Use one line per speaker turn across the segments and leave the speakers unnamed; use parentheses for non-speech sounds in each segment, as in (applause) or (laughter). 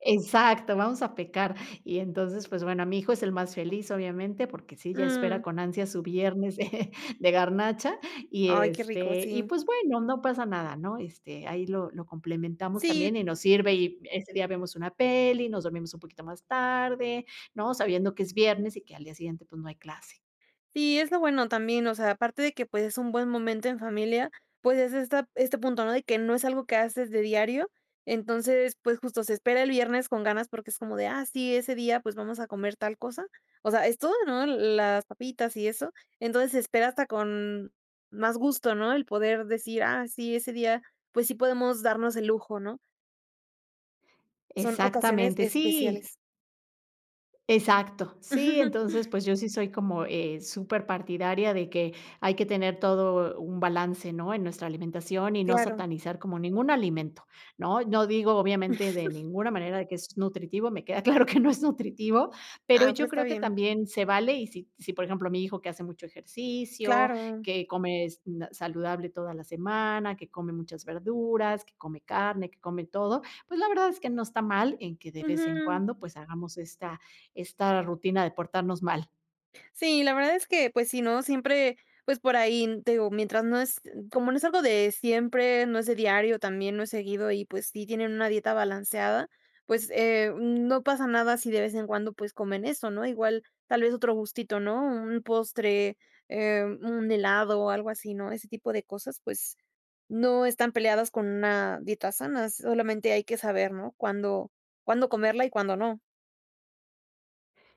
Exacto, vamos a pecar. Y entonces, pues, bueno, mi hijo es el más feliz, obviamente, porque sí, ya espera
Mm.
con ansias su viernes (chuckles) de garnacha y,
Ay, qué rico,
este, y,
sí.
pues, bueno, no pasa nada, ¿no? Este, ahí lo lo complementamos
Sí.
también y nos sirve, y ese día vemos una peli, nos dormimos un poquito más tarde, ¿no? Sabiendo que es viernes y que al día siguiente, pues, no hay clase.
Sí, es lo bueno también, o sea, aparte de que, pues, es un buen momento en familia, pues, es esta este punto, ¿no? De que no es algo que haces de diario, entonces, pues, justo se espera el viernes con ganas porque es como de: "Ah, sí, ese día, pues, vamos a comer tal cosa", o sea, es todo, ¿no? Las papitas y eso, entonces se espera hasta con más gusto, ¿no? El poder decir: "Ah, sí, ese día, pues, sí podemos darnos el lujo", ¿no? Son ocasiones
Exactamente, sí.
especiales.
Exacto, sí, entonces,
(chuckles)
pues, yo sí soy como, eh, superpartidaria de que hay que tener todo un balance, ¿no? En nuestra alimentación, y no
Claro.
satanizar como ningún alimento, ¿no? No digo, obviamente, de
(chuckles)
ninguna manera de que es nutritivo, me queda claro (giggles) que no es nutritivo, pero
No,
yo
pero está
creo que
bien.
también se vale, y si si, por ejemplo, mi hijo, que hace mucho ejercicio,
Claro.
que comes na saludable toda la semana, que come muchas verduras, que come carne, que come todo, pues, la verdad es que no está mal en que de vez en
Ujú.
cuando, pues, hagamos esta esta rutina de portarnos mal.
Sí, la verdad es que, pues sí, no siempre, pues por ahí, te digo, mientras no es, como no es algo de siempre, no es de diario también, no es seguido y, pues sí, tienen una dieta balanceada, pues, eh, no pasa nada si de vez en cuando, pues, comen eso, ¿no? Igual, tal vez otro gustito, ¿no? Un postre, eh, un helado o algo así, ¿no? Ese tipo de cosas, pues, no están peleadas con una dieta sana, solamente hay que saber, ¿no? Cuándo cuándo comerla y cuándo no.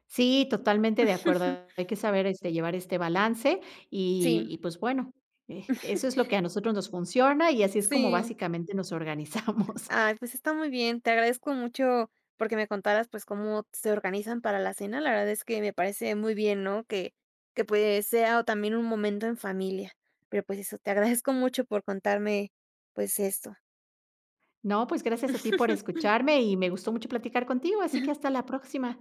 Sí, totalmente de
(chuckles)
acuerdo, hay que saber, este, llevar este balance. Y
Sí.
y, pues, bueno, eh, eso
(chuckles)
es lo que a nosotros nos funciona, y así es como
Sí.
básicamente nos organizamos.
Ay,
(giggles)
pues, está muy bien, te agradezco mucho, porque me contaras, pues, cómo se organizan para la cena, la verdad es que me parece muy bien, ¿no? Que que, pues, sea o, también un momento en familia, pero, pues, eso, te agradezco mucho por contarme, pues, esto.
No, pues, gracias a ti por
(chuckles)
escucharme y me gustó mucho platicar contigo, así que
(giggles)
hasta la próxima.